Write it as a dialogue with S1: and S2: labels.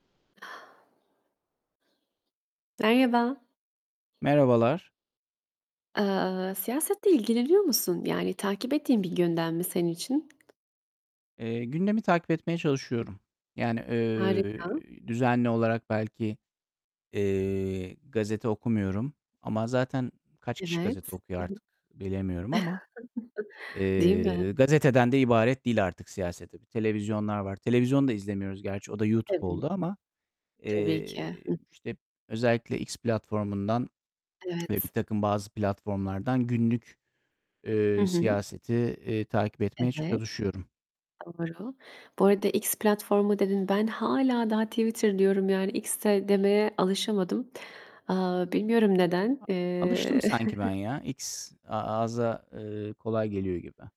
S1: Merhaba.
S2: Merhabalar.
S1: Eee, siyasetle ilgileniyor musun? Yani, takip ettiğin bir gündem mi senin için?
S2: Eee, gündemi takip etmeye çalışıyorum. Yani,
S1: Harika.
S2: eee, düzenli olarak belki, eee, gazete okumuyorum ama zaten kaç
S1: Evet.
S2: kişi gazete
S1: I hı.
S2: okuyor artık bilemiyorum ama.
S1: Değil
S2: Eee,
S1: mi?
S2: gazeteden de ibaret değil artık siyaset. Tabii televizyonlar var. Televizyon da izlemiyoruz gerçi, o da YouTube
S1: Evet.
S2: oldu ama.
S1: Tabii ki.
S2: Eee,
S1: Hıh.
S2: işte, özellikle X platformundan ve
S1: Evet.
S2: birtakım bazı platformlardan günlük,
S1: Hı
S2: eee,
S1: hı.
S2: siyaseti, eee, takip etmeye
S1: Evet,
S2: çalışıyorum.
S1: doğru, Bu arada X platformu dedin, ben hâlâ daha Twitter diyorum. Yani X se demeye alışamadım. Aaa, bilmiyorum neden. Eee
S2: Alıştım sanki ben ya. X a ağza, eee, kolay geliyor gibi.